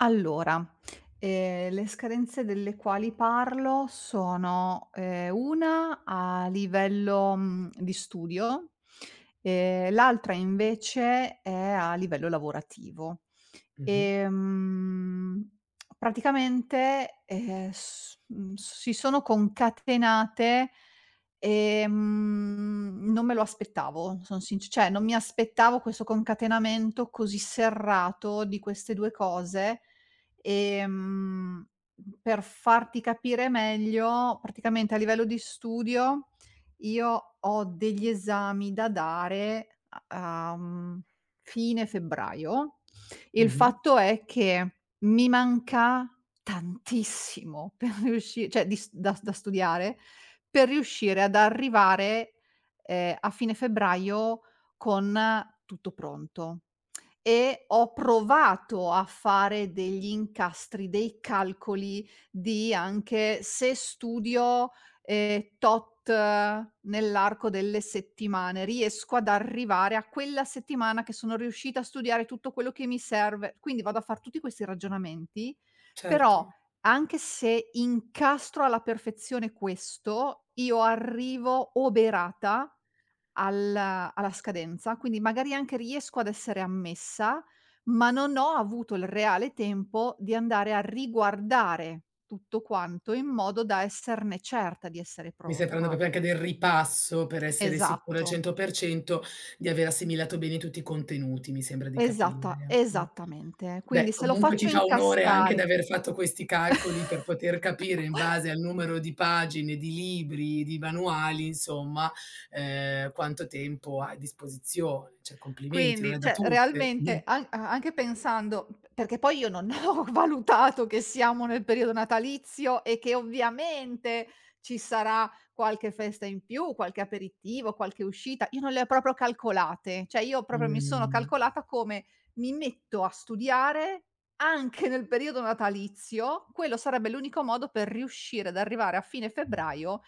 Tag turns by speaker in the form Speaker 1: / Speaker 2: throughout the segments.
Speaker 1: Allora, ehm, le scadenze delle quali parlo sono, ehm, una a livello, uhm, di studio e l'altra invece è a livello lavorativo.
Speaker 2: Mh-mh.
Speaker 1: Ehm, praticamente, ehm, s mhmm, s si sono concatenate, ehm, non me lo aspettavo, son sinc cioè non mi aspettavo questo concatenamento così serrato di queste 2 cose. Ehm, per farti capire meglio, praticamente a livello di studio io ho degli esami da dare a a, mhmm, fine febbraio. Il
Speaker 2: Mh-mh.
Speaker 1: fatto è che mi manca tantissimo per riusci cioè, dis da da studiare, per riuscire ad arrivare, ehm, a fine febbraio con tutto pronto. E ho provato a fare degli incastri, dei calcoli di anche se studio, ehm, tot nell'arco delle settimane, riesco ad arrivare a quella settimana che sono riuscita a studiare tutto quello che mi serve. Quindi vado a far tutti questi ragionamenti, però
Speaker 2: Certo.
Speaker 1: anche se incastro alla perfezione questo, io arrivo oberata al alla scadenza, quindi magari anche riesco ad essere ammessa, ma non ho avuto il reale tempo di andare a riguardare tutto quanto in modo da esserne certa, di essere
Speaker 2: Mi stai parlando
Speaker 1: pronta.
Speaker 2: proprio anche del ripasso per essere essere sicura al
Speaker 1: Esatto.
Speaker 2: 100% di aver assimilato bene tutti i contenuti, mi sembra di
Speaker 1: Esatta
Speaker 2: capire, mh.
Speaker 1: esattamente.
Speaker 2: Beh,
Speaker 1: Quindi se lo
Speaker 2: comunque ti
Speaker 1: faccio
Speaker 2: fa onore anche di
Speaker 1: incastrare
Speaker 2: aver fatto questi calcoli per poter capire in base al numero di pagine, di libri, di manuali, insomma, ehm, quanto tempo hai a disposizione. Cioè, complimenti, non
Speaker 1: Quindi,
Speaker 2: è da
Speaker 1: cioè,
Speaker 2: tutte. Mh.
Speaker 1: realmente, a anche pensando, uhm, perché poi io non ho valutato che siamo nel periodo natalizio e che ovviamente ci sarà qualche festa in più, qualche aperitivo, qualche uscita, io non le ho proprio calcolate. Cioè, io proprio mi sono
Speaker 2: Mh.
Speaker 1: calcolata come: "Mi metto a studiare anche nel periodo natalizio", quello sarebbe l'unico modo per riuscire ad arrivare a fine febbraio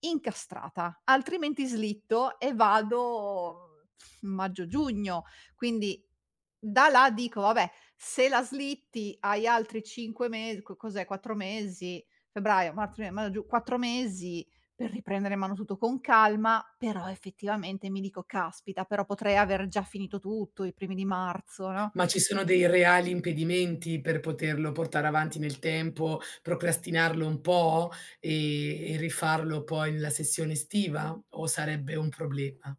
Speaker 1: incastrata. Altrimenti slitto e vado, mhmm, f maggio, giugno. Quindi da là dico: "Vabbè, se la slitti hai altri 5 mes co cos'è? 4 mesi, febbraio, marzo, aprile, maggio, giu 4 mesi per riprendere in mano tutto con calma", però effettivamente mi dico: "Caspita, però potrei aver già finito tutto i primi di marzo, no?"
Speaker 2: Ma ci sono dei reali impedimenti per poterlo portare avanti nel tempo, procrastinarlo un po' e e rifarlo poi nella sessione estiva o sarebbe un problema?